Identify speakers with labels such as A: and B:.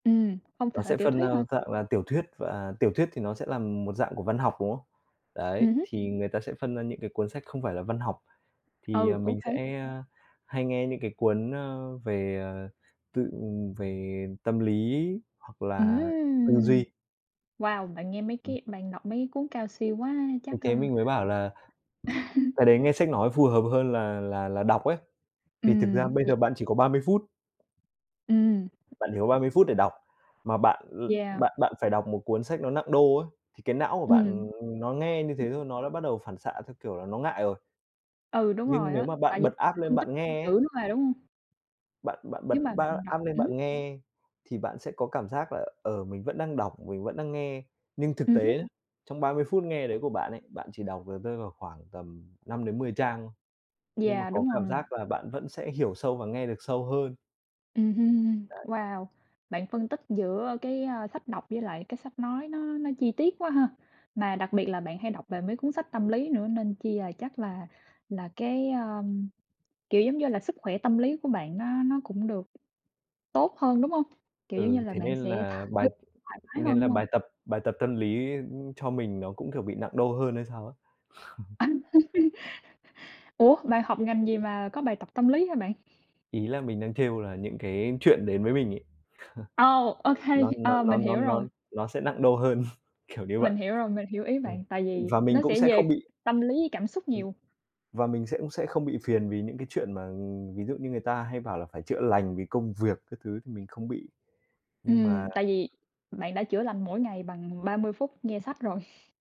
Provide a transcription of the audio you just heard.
A: Ừm, hông
B: Nó
A: sợ
B: sẽ
A: tiểu
B: phân ra
A: thuyết hả?
B: dạng là tiểu thuyết, và tiểu thuyết thì nó sẽ là một dạng của văn học, đúng không? Đấy,
A: Ừm hứm.
B: thì người ta sẽ phân ra những cái cuốn sách không phải là văn học, thì
A: Ừ, ô
B: mình
A: kê.
B: sẽ hay nghe những cái cuốn, ơ, về, ờ, tự, ừm, về tâm lý hoặc là tư
A: Ừm!
B: duy.
A: Wow, bạn nghe mấy
B: Ừm.
A: cái bạn đọc mấy cuốn cao siêu quá,
B: Ừ,
A: chắc, ơ
B: thế mình mới bảo là cái đấy nghe sách nói phù hợp hơn là là là đọc ấy, vì thực ra
A: Ừm,
B: bây
A: yeah.
B: giờ bạn chỉ có 30 phút.
A: Ừm.
B: Bạn chỉ có 30 phút để đọc, mà bạn l
A: Yeah.
B: bạn bạn phải đọc một cuốn sách nó nặng đô ấy, thì cái não của
A: Ừm.
B: bạn nó nghe như thế
A: [unintelligible]
B: thôi, nó đã bắt đầu phản xạ theo kiểu là nó ngại rồi.
A: Ừ, đúng rồi
B: Nhưng nếu
A: á,
B: mà bạn
A: tại vì
B: bật app
A: [unintelligible]
B: lên
A: phân tích
B: bạn
A: [unintelligible]
B: nghe
A: chữ
B: ấy
A: nữa mà, đúng hông?
B: bạn bạn bật
A: Nếu mà
B: ba
A: bạn đọc
B: app lên
A: ừm.
B: bạn nghe thì bạn sẽ có cảm giác là, ờ, mình vẫn đang đọc, mình vẫn đang nghe. Nhưng thực
A: Ừm hứm.
B: tế, trong 30 phút nghe đấy của bạn ấy, bạn chỉ đọc được rơi vào khoảng tầm 5-10 trang thôi, nhưng mà
A: Yeah,
B: có
A: đúng
B: cảm
A: rồi.
B: giác là bạn vẫn sẽ hiểu sâu và nghe được sâu hơn.
A: Ừm hưm,
B: Đấy.
A: wow! Bạn phân tích giữa cái, ơ, sách đọc với lại cái sách nói nó nó chi tiết quá ha, mà đặc biệt là bạn hay đọc về mấy cuốn sách tâm lý nữa nên chi, à, chắc là là cái, a, kiểu, giống như là, sức khỏe tâm lý của bạn nó nó cũng được tốt hơn, đúng hông? Kiểu, giống như
B: Ừ,
A: là,
B: thế
A: bạn
B: nên
A: sẽ th
B: là bài
A: [unintelligible] thoải mái hơn,
B: nên là
A: đúng hông?
B: bài tập bài tập tâm lý, ưm, cho mình nó cũng, kiểu, bị nặng đô hơn hay sao á.
A: Ủa, bạn học ngành gì mà có bài tập tâm lý hả bạn?
B: Ý là mình đang trêu là những cái chuyện đến với mình ấy,
A: Ồ! OK,
B: nó nó
A: ờ,
B: nó
A: mình
B: nó nó
A: hiểu rồi.
B: nó nó sẽ nặng đô hơn, kiểu như vậy.
A: Mình hiểu rồi, mình hiểu ý
B: Ừm,
A: bạn, tại vì
B: và mình
A: nó
B: cũng
A: sẽ
B: sẽ
A: về
B: không bị
A: tâm lý với cảm xúc
B: Ừm,
A: nhiều.
B: và mình sẽ cũng sẽ không bị phiền vì những cái chuyện mà, ừm, ví dụ như người ta hay bảo là phải chữa lành vì công việc các thứ thì mình không bị. Nhưng mà
A: Ừm, tại vì bạn đã chữa lành mỗi ngày bằng 30 phút nghe sách rồi.